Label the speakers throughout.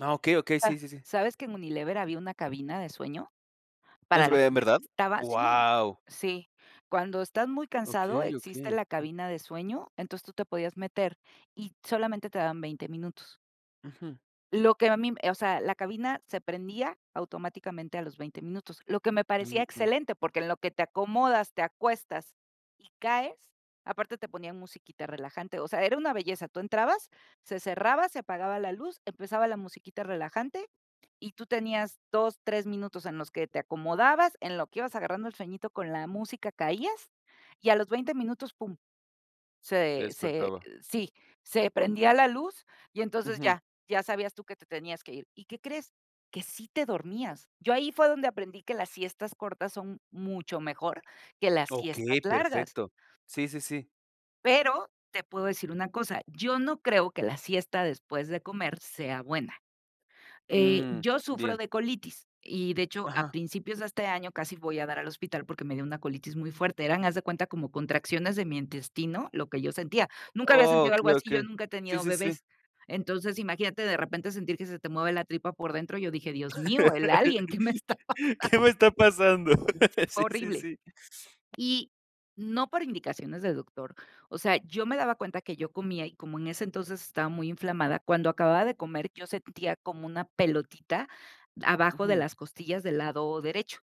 Speaker 1: Ah okey, okey,
Speaker 2: A
Speaker 1: sí, sí, sí.
Speaker 2: ¿Sabes que en Unilever, había una cabina de sueño? Para
Speaker 1: ¿Es
Speaker 2: la
Speaker 1: ve en
Speaker 2: gente que
Speaker 1: verdad?
Speaker 2: estaba, sí,
Speaker 1: ¡Guau!
Speaker 2: sí. Cuando estás muy cansado,
Speaker 1: Okey,
Speaker 2: existe
Speaker 1: okey.
Speaker 2: la cabina de sueño, entonces, tú te podías meter, y solamente te daban 20 minutos.
Speaker 1: Ujú.
Speaker 2: Lo que a mí m eh, o sea, la cabina se prendía, automáticamente a los 20, minutos. Lo que me
Speaker 1: Ujú,
Speaker 2: parecía
Speaker 1: ujú.
Speaker 2: excelente, porque, en lo que te acomodas, te acuestas, y caes, aparte, te ponían musiquita relajante, o sea, era una belleza. Tú entrabas, se cerraba, se apagaba la luz, empezaba la musiquita relajante, y tú tenías 2, 3 minutos en los que te acomodabas, en lo que ibas agarrando el sueñito con la música, caías, y a los 20 minutos pum,
Speaker 1: Te
Speaker 2: se se
Speaker 1: despertaba.
Speaker 2: sí, se prendía la luz, y entonces
Speaker 1: Ujú.
Speaker 2: ya ya sabías tú que te tenías que ir, ¿y qué crees? Que sí te dormías. Yo ahí fue donde aprendí que las siestas cortas son mucho mejor, que las siestas
Speaker 1: Okey,
Speaker 2: largas.
Speaker 1: perfecto. Sí, sí, sí.
Speaker 2: Pero, te puedo decir una cosa, yo no creo que la siesta después de comer sea buena. Eh,
Speaker 1: Mm,
Speaker 2: yo sufro
Speaker 1: bien.
Speaker 2: de colitis, y, de hecho, a
Speaker 1: Ajá.
Speaker 2: principios de este año, casi voy a dar al hospital porque me dio una colitis muy fuerte. Eran, haz de cuenta, como contracciones de mi intestino, lo que yo sentía. Nunca había
Speaker 1: Oh,
Speaker 2: sentido algo
Speaker 1: okey,
Speaker 2: así, yo
Speaker 1: okey.
Speaker 2: nunca he
Speaker 1: Sí,
Speaker 2: tenido
Speaker 1: sí, sí.
Speaker 2: bebés. Entonces, imagínate, de repente sentir que se te mueve la tripa por dentro, yo dije: "Dios mío, el alien", que me esta pasando
Speaker 1: ¿Qué me está pasando?
Speaker 2: Si fue
Speaker 1: Sí, sí,
Speaker 2: horrible.
Speaker 1: sí.
Speaker 2: Y, no por indicaciones de doctor. O sea, yo me daba cuenta que yo comía, y como en ese entonces, estaba muy inflamada, cuando acababa de comer, yo sentía como una pelotita, abajo de
Speaker 1: Ujú.
Speaker 2: las costillas del lado derecho.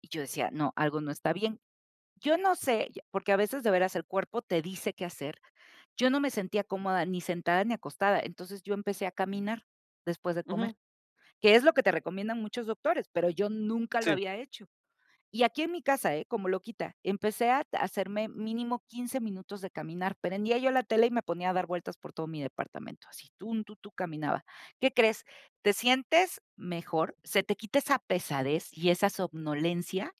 Speaker 2: Y yo decía: "No, algo no está bien". Yo, no sé, porque, a veces, de veras, el cuerpo te dice qué hacer. Yo no me sentía cómoda, ni sentada, ni acostada, entonces, yo empecé a caminar, después de comer,
Speaker 1: Ujú.
Speaker 2: que es lo que te recomiendan muchos doctores, pero, yo nunca lo
Speaker 1: Sí.
Speaker 2: había hecho. Y aquí en mi casa, ¿eh? Como loquita, empecé a hacerme, mínimo 15 minutos de caminar, prendía yo la tele, y me ponía a dar vueltas por todo mi departamento, así, tun, tun, tu, caminaba. ¿Qué crees? Te sientes mejor, se te quita esa pesadez y esa somnolencia,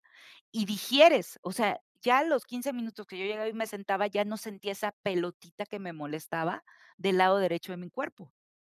Speaker 2: y digieres, o sea, ya a los 15 minutos, que yo llegaba y me sentaba, ya no sentía esa pelotita que me molestaba, del lado derecho de mi cuerpo.